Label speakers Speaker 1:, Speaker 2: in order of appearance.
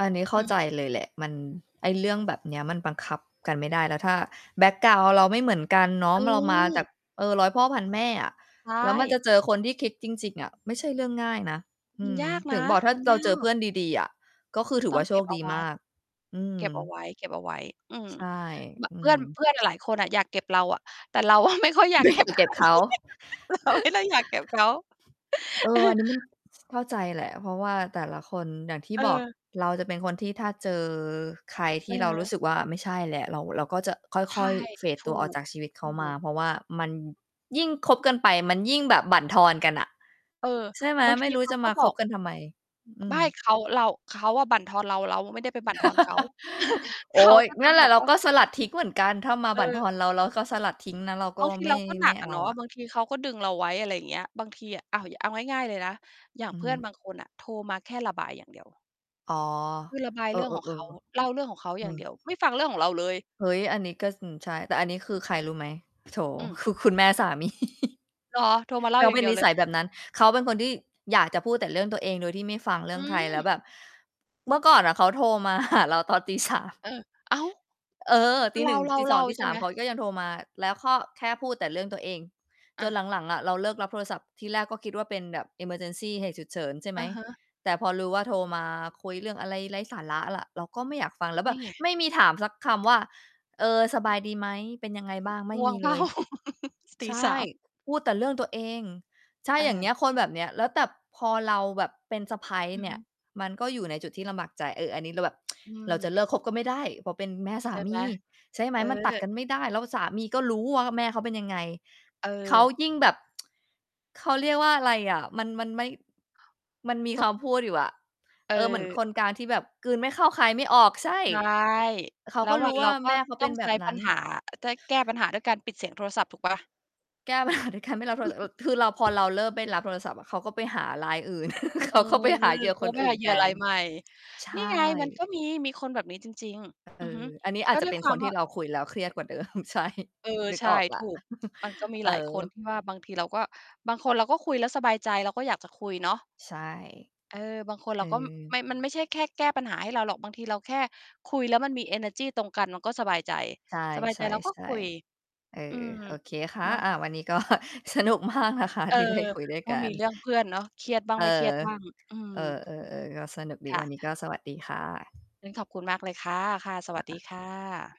Speaker 1: อันนี้เข
Speaker 2: อ
Speaker 1: ้
Speaker 2: ื
Speaker 1: า
Speaker 2: ม
Speaker 1: ใจเลยแหละ มัน ไอ้เรื่องแบบเนี้ยมันบังคับกันไม่ได้ แล้วถ้าแบ็กกราวนด์เราไม่เหมือนกันเนาะ เรามาจา
Speaker 2: เออ
Speaker 1: ก เออ ร้อยพ่อพันแม่อะ
Speaker 2: ใช
Speaker 1: แล้วมันจ
Speaker 2: ่
Speaker 1: ะเจอคนที่คิดจริง ๆ อะ ไม่ใช่เรื่องง่ายนะ อ
Speaker 2: มั
Speaker 1: ื
Speaker 2: น
Speaker 1: ม
Speaker 2: ยาก
Speaker 1: ถ
Speaker 2: น
Speaker 1: ึง
Speaker 2: ะ
Speaker 1: บอกถ้
Speaker 2: ม
Speaker 1: า
Speaker 2: ัน
Speaker 1: เร
Speaker 2: ย
Speaker 1: า
Speaker 2: า
Speaker 1: เจอเพื
Speaker 2: ก
Speaker 1: ่อนดี ๆ อะ ก็คือถื
Speaker 2: ต
Speaker 1: อ
Speaker 2: ้
Speaker 1: ว
Speaker 2: อ
Speaker 1: ่
Speaker 2: ง
Speaker 1: าโช
Speaker 2: เก็
Speaker 1: ค
Speaker 2: บเอ
Speaker 1: ด
Speaker 2: า
Speaker 1: ี
Speaker 2: ไว
Speaker 1: ม
Speaker 2: ้
Speaker 1: าก อืม
Speaker 2: เก็บเอาไว้ ๆ อืม
Speaker 1: ใช่
Speaker 2: บ
Speaker 1: อื
Speaker 2: เพื่อน
Speaker 1: ม
Speaker 2: เพื่อนหลาย ๆ คนอะ อยากเก็บเราอะ แต่เราอะ ไม่ค่อยอยา
Speaker 1: ไ
Speaker 2: ก
Speaker 1: ม่
Speaker 2: เก
Speaker 1: อย
Speaker 2: ็
Speaker 1: า
Speaker 2: บ
Speaker 1: ก
Speaker 2: ใค
Speaker 1: เก็
Speaker 2: ร
Speaker 1: บเขา
Speaker 2: เราไม่ได้อยาก เก็บเขา
Speaker 1: เอ
Speaker 2: เอ
Speaker 1: อ อั
Speaker 2: อ
Speaker 1: นนี้มัน เข้าใจแหละ เพราะว่าแต่ละคนอย่างที่
Speaker 2: เ
Speaker 1: บอก
Speaker 2: ออ
Speaker 1: เราจะเป็นคนที่ถ้าเจอใครท
Speaker 2: เ
Speaker 1: ี่เรารู้
Speaker 2: ออ
Speaker 1: สึกว่า ไม่ใช่แล้ว เรา เราก็จะ
Speaker 2: ใช
Speaker 1: ค่
Speaker 2: ่
Speaker 1: อย ๆ เฟด
Speaker 2: ถู
Speaker 1: ตัวออก
Speaker 2: ก
Speaker 1: จากชีวิตเ
Speaker 2: ถ
Speaker 1: ข
Speaker 2: ู
Speaker 1: ามา
Speaker 2: ก
Speaker 1: เพราะว่ามัน ยิ่งคบกันไป มันยิ่งแบบบั่นทอนกันอะ
Speaker 2: เออ
Speaker 1: ใช่ไหม?
Speaker 2: บาง
Speaker 1: ไ
Speaker 2: ท
Speaker 1: ม่
Speaker 2: ี
Speaker 1: รู้
Speaker 2: เขา
Speaker 1: จะ
Speaker 2: ก็
Speaker 1: มา
Speaker 2: บ
Speaker 1: ค
Speaker 2: อ
Speaker 1: บ
Speaker 2: ก
Speaker 1: กันทำไม อื
Speaker 2: ไม่
Speaker 1: ม
Speaker 2: เขา เรา เขาอะบั่นทอนเรา เราไม่ได้ไปบั่นทอนเขา
Speaker 1: โอ
Speaker 2: เ
Speaker 1: ๊
Speaker 2: ขา
Speaker 1: ย
Speaker 2: ก็
Speaker 1: น
Speaker 2: จะ
Speaker 1: ั่นแห
Speaker 2: บ
Speaker 1: ละ
Speaker 2: อก
Speaker 1: เรา
Speaker 2: ว่า
Speaker 1: ก็สลัดทิ้งเหมือนกัน ถ้ามา
Speaker 2: เ
Speaker 1: บั่นท
Speaker 2: ออ
Speaker 1: อนเรา เราก็สลัดทิ้งนะ เราก็
Speaker 2: บางที
Speaker 1: ไม่
Speaker 2: เราก็ห
Speaker 1: ไ
Speaker 2: น
Speaker 1: ม่
Speaker 2: ัก
Speaker 1: เ
Speaker 2: อ
Speaker 1: อ
Speaker 2: ะ
Speaker 1: า
Speaker 2: เนาะ
Speaker 1: อะ
Speaker 2: บางทีเขาก็ดึงเราไว้ อะไรอย่างเงี้ย บางทีอะ อ้าว เอาง่าย ๆ เลยนะ อย่า
Speaker 1: อ
Speaker 2: ง
Speaker 1: ือ
Speaker 2: เพื
Speaker 1: ฮ
Speaker 2: ่อน
Speaker 1: ึ
Speaker 2: บางคนน่ะ โทรมาแค่ระบายอย่างเดียว
Speaker 1: อ๋อ
Speaker 2: คือระบาย
Speaker 1: เออ
Speaker 2: เรื่องของเขา
Speaker 1: ๆ
Speaker 2: เล่าเรื่องของเขา
Speaker 1: ๆ เอ
Speaker 2: อย่าง
Speaker 1: อ
Speaker 2: เดียว ไม่ฟังเรื่องของเราเลย
Speaker 1: เฮ้ย อันนี้ก็ อืม ใช่ แต่อันนี้คือใครรู้ไหม? โถ
Speaker 2: อืม
Speaker 1: คือคุณแม่ สามี
Speaker 2: เหรอ? โทรมาเล
Speaker 1: เ
Speaker 2: ่า
Speaker 1: ขา
Speaker 2: อย่
Speaker 1: เ
Speaker 2: า
Speaker 1: ป
Speaker 2: ง
Speaker 1: ็
Speaker 2: เ
Speaker 1: น
Speaker 2: ดีย
Speaker 1: น
Speaker 2: ว
Speaker 1: ิ
Speaker 2: เล
Speaker 1: ส
Speaker 2: ย
Speaker 1: ัยแบบนั้น เขาเป็นคนที่ อยากจะพูดแต่เรื่องตัวเอง โดยที่ไม่ฟังเรื
Speaker 2: อ
Speaker 1: ่
Speaker 2: ื
Speaker 1: องใคร แล
Speaker 2: ม
Speaker 1: ้วแบบ เมื่อก่อนเขาโทรมา หา เราตอนตี 3
Speaker 2: เออ อ้าว
Speaker 1: เออ
Speaker 2: ก
Speaker 1: ต
Speaker 2: ็
Speaker 1: ี
Speaker 2: เล
Speaker 1: 1 ตี สอ
Speaker 2: ่
Speaker 1: ง
Speaker 2: า
Speaker 1: ต
Speaker 2: ๆ
Speaker 1: ี
Speaker 2: ๆ ใช
Speaker 1: ส
Speaker 2: ่
Speaker 1: า
Speaker 2: ไ
Speaker 1: ม
Speaker 2: หม?
Speaker 1: เขาก็ยังโทรมา แล้วก็แค่พูดแต่เรื่องตัวเอง จ
Speaker 2: อ
Speaker 1: น
Speaker 2: า
Speaker 1: หลัง ๆ อะเราเลิกรับโทรศัพท์ ทีแรกก็คิดว่าเป็นแบบ emergency เหตุฉุกเฉิน ใช่ไห
Speaker 2: อ
Speaker 1: ม
Speaker 2: ะฮะ
Speaker 1: แต่พอรู้ว่า โทรมาคุยเรื่องอะไรไร้สาระ แล้วเราก็ไม่อยากฟัง แล้วแ
Speaker 2: น
Speaker 1: บ
Speaker 2: ี่
Speaker 1: บ
Speaker 2: ไง
Speaker 1: ไม่มีถามสักคำว่า "เออ ส
Speaker 2: เ
Speaker 1: บ
Speaker 2: ดี
Speaker 1: า
Speaker 2: ๋ยว
Speaker 1: ยดีไหม? เป็นยังไงบ้าง?" ไม
Speaker 2: ก่อน ง
Speaker 1: ่
Speaker 2: ่ว
Speaker 1: มี
Speaker 2: ง เป
Speaker 1: เ
Speaker 2: ล
Speaker 1: ล
Speaker 2: ่า?
Speaker 1: ย
Speaker 2: ต
Speaker 1: ใ
Speaker 2: ี
Speaker 1: ช
Speaker 2: ส
Speaker 1: ่
Speaker 2: าม
Speaker 1: พูดแต่เรื่องตัวเอง ใช่ อย่างเงี
Speaker 2: เออ
Speaker 1: ้ย คนแบบเนี้ย แล้วแต่ พอเราแบบเป็นสะใภ้
Speaker 2: อือ
Speaker 1: เนี
Speaker 2: ฮ
Speaker 1: ่ย
Speaker 2: ึ
Speaker 1: มันก็อยู่ในจุดที่ลำบากใจ เออ อันนี้เราแบบ
Speaker 2: อื
Speaker 1: เราอย
Speaker 2: ม
Speaker 1: ากเลิกคบก็ไม่ได้ เพราะเป็นแม่ส
Speaker 2: ใ
Speaker 1: า
Speaker 2: ช่
Speaker 1: ม
Speaker 2: ไหม?
Speaker 1: ี ใช่ไหม?
Speaker 2: เอ
Speaker 1: มันตัด
Speaker 2: อ
Speaker 1: กันไม่ได้ แล้วสามีก็รู้ว่า แม่เขาเป็นยังไง เขา
Speaker 2: เออ
Speaker 1: ยิ่งแบบ เขาเรียกว่าอะไรอะ มัน มันไม่ มันมี
Speaker 2: ก็
Speaker 1: คำพูดอยู่อะ
Speaker 2: เ
Speaker 1: เออ เหมือน
Speaker 2: ออ
Speaker 1: คนกลางที่แบบกลืนไม่เข้าคายไม่ออก ใช่
Speaker 2: ใช่
Speaker 1: เขา
Speaker 2: แล้
Speaker 1: ก
Speaker 2: ว
Speaker 1: ็ร
Speaker 2: วั
Speaker 1: ู้
Speaker 2: น
Speaker 1: ว
Speaker 2: เร
Speaker 1: ่
Speaker 2: า
Speaker 1: า
Speaker 2: ก็
Speaker 1: แม่เขา
Speaker 2: ต
Speaker 1: เ
Speaker 2: ้
Speaker 1: ป็
Speaker 2: อ
Speaker 1: น
Speaker 2: ง
Speaker 1: แบ
Speaker 2: ใช้
Speaker 1: บน
Speaker 2: ปั
Speaker 1: ั้
Speaker 2: ญ
Speaker 1: น
Speaker 2: หา จะ ให้แก้ปัญหาด้วยการปิดเสียงโทรศัพท์ถูกเปล่าล่ะ?
Speaker 1: แก้ปัญ หา ด้วยการไม่รับโทร อ คือเรา พอเราเริ่มได้รับโทรศัพท์อะ เขาก็ไปหารายอื่น เ
Speaker 2: เ
Speaker 1: ข
Speaker 2: ออ
Speaker 1: า ก็ไปหาเหยื่อ
Speaker 2: เข
Speaker 1: ค
Speaker 2: า
Speaker 1: น
Speaker 2: ก็
Speaker 1: อื่
Speaker 2: ห
Speaker 1: น
Speaker 2: าเห
Speaker 1: แ
Speaker 2: ย
Speaker 1: ท
Speaker 2: ื่อรา
Speaker 1: น
Speaker 2: ยใหม่
Speaker 1: ใช
Speaker 2: นี่ไง มัน
Speaker 1: ่
Speaker 2: ก็มี มีคนแบบนี้จริง
Speaker 1: เ
Speaker 2: ๆ
Speaker 1: อ
Speaker 2: อือฮึ
Speaker 1: อ อันนี้อา
Speaker 2: ก็
Speaker 1: จจะ
Speaker 2: ด้ว
Speaker 1: เป
Speaker 2: ย
Speaker 1: ็น
Speaker 2: ควา
Speaker 1: คน
Speaker 2: ม
Speaker 1: ท
Speaker 2: ว
Speaker 1: ี
Speaker 2: ่
Speaker 1: ่
Speaker 2: า
Speaker 1: เราคุยแล้ว เครียดกว่าเดิม ใช่
Speaker 2: เออ
Speaker 1: นึก
Speaker 2: ใช
Speaker 1: อ
Speaker 2: ่
Speaker 1: อกแล
Speaker 2: ถ
Speaker 1: ้ว
Speaker 2: ูก มันก็มี
Speaker 1: เออ
Speaker 2: หลายคนที่ว่า บางทีเราก็ บางคนเราก็คุยแล้วสบายใจ เราก็อยากจะคุยเนาะ
Speaker 1: ใช่
Speaker 2: เออ บางคน
Speaker 1: เ
Speaker 2: เ
Speaker 1: อ
Speaker 2: ราก็
Speaker 1: อ
Speaker 2: ม มันไม่ใช่แค่แก้ปัญหาให้เราหรอก บางทีเราแค่คุยแล้ว มันมีเอเนอร์จีตรงกัน มันก็สบายใจ
Speaker 1: ใช
Speaker 2: สบายใจเราก็
Speaker 1: ่
Speaker 2: คุย
Speaker 1: ๆ ๆ เออ
Speaker 2: อืม
Speaker 1: โอเคค่ะ
Speaker 2: เนาะ
Speaker 1: อ่า วันนี้ก็สนุกมากนะคะ
Speaker 2: เออ
Speaker 1: ที่ได้คุยด้วย
Speaker 2: ก็
Speaker 1: กั
Speaker 2: มี
Speaker 1: น
Speaker 2: เรื่องเพื่อน เนาะ เครียดบ้าง
Speaker 1: เอ
Speaker 2: ไม
Speaker 1: อ
Speaker 2: ่เครียดบ้าง อืม
Speaker 1: เออ ๆ ๆ ก็สนุกด
Speaker 2: ค
Speaker 1: ี
Speaker 2: ่
Speaker 1: วั
Speaker 2: ะ
Speaker 1: นนี้ก็สวัสดีค่ะ
Speaker 2: งั้นขอบคุณมากเลยค่ะ ค่ะ ส
Speaker 1: เห
Speaker 2: ว
Speaker 1: ร
Speaker 2: ั
Speaker 1: อ
Speaker 2: ส
Speaker 1: ค
Speaker 2: ดี
Speaker 1: ะ?
Speaker 2: ค่ะ